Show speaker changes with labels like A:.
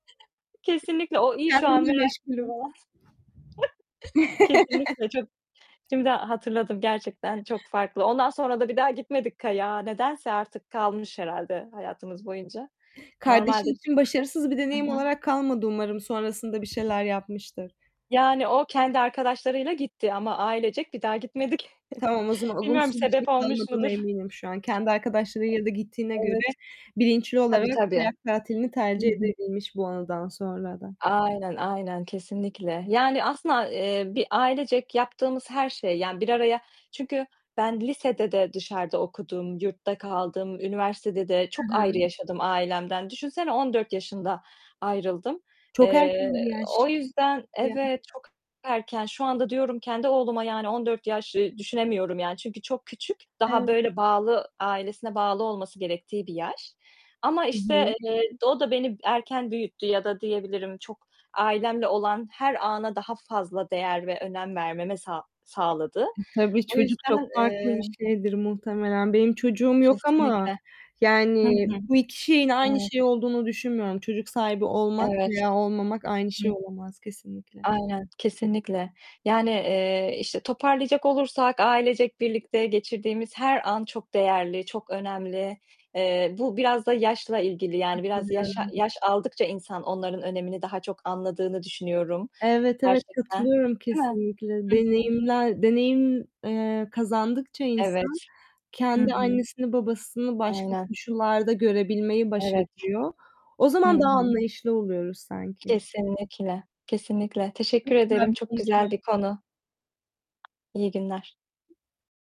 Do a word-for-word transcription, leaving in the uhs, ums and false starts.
A: Kesinlikle o iyi şu an,
B: Kendimle
A: merak [unintelligible]
B: meşgulüm.
A: Kesinlikle çok Şimdi hatırladım, gerçekten çok farklı. Ondan sonra da bir daha gitmedik kayağa, nedense artık kalmış herhâlde hayatımız boyunca. Normalde
B: Kardeşin
A: çok
B: için başarısız bir
A: Hı
B: deneyim
A: hı.
B: olarak kalmadı umarım sonrasında bir şeyler yapmıştır.
A: Yani, o kendi arkadaşlarıyla gitti ama ailecek bir daha gitmedik.
B: Tamam o zaman,
A: Bilmiyorum,
B: olumsuz bir şey
A: sebep olmuş
B: kalmadığına
A: mudur?
B: eminim şu an. Kendi arkadaşlarıyla da gittiğine göre
A: Evet.
B: bilinçli
A: Tabii,
B: olarak
A: tabii!
B: kayak tatilini
A: Hı
B: tercih
A: hı.
B: edebilmiş bu anıdan sonra da.
A: Aynen, aynen kesinlikle! Yani, aslında a eee, bir ailecek yaptığımız her şey, yani, bir araya Çünkü ben lisede de dışarıda okudum, yurtta kaldım, üniversitede de
B: Hı
A: çok ayrı
B: hı.
A: yaşadım ailemden. Düşünsene, on dört yaşında ayrıldım.
B: Çok erken
A: Eee,
B: bir yaş.
A: o
B: Çok
A: yüzden
B: küçük bir yaş.
A: Evet, çok erken. Şu anda diyorum, kendi oğluma, yani, on dört yaş, eee, düşünemiyorum, yani, çünkü çok küçük, daha
B: Ev
A: böyle, bağlı, ailesine bağlı olması gerektiği bir yaş ama,
B: I hı.
A: işte, eee, d o da beni erken büyüttü ya da diyebilirim, çok ailemle olan her ana daha fazla değer ve önem vermeme sağ sağladı.
B: E, tabii
A: O
B: çocuk çok
A: yüzden,
B: farklı
A: eee
B: bir şeydir muhtemelen. Benim çocuğum yok ama,
A: Kesinlikle! Hı
B: yani,
A: hı.
B: bu iki şeyin aynı
A: Evet.
B: şey olduğunu düşünmüyorum. Çocuk sahibi olmak
A: Evet.
B: veya olmamak aynı
A: Hı
B: şey
A: hı.
B: olamaz kesinlikle.
A: Aynen, kesinlikle! Yani, eee, işte, toparlayacak olursak ailecek birlikte geçirdiğimiz her an çok değerli, çok önemli. Eee, bu biraz da yaşla ilgili, yani, biraz yaş a
B: Katılıyorum.
A: yaş aldıkça insan onların önemini daha çok anladığını düşünüyorum,
B: Evet, evet.
A: gerçekten.
B: Katılıyorum,
A: Değil mi?
B: kesinlikle.
A: Hı hı.
B: Deneyimler, deneyim, eee, kazandıkça insan
A: Evet! Hı
B: kendi
A: hı.
B: annesini, babasını başka
A: Aynen.
B: koşullarda görebilmeyi
A: Evet.
B: başarıyor. O
A: Hı
B: zaman daha
A: hı.
B: anlayışlı oluyoruz sanki.
A: Kesinlikle, kesinlikle! Teşekkür ederim. Çok güzel bir
B: [unintelligible]
A: konu. İyi günler.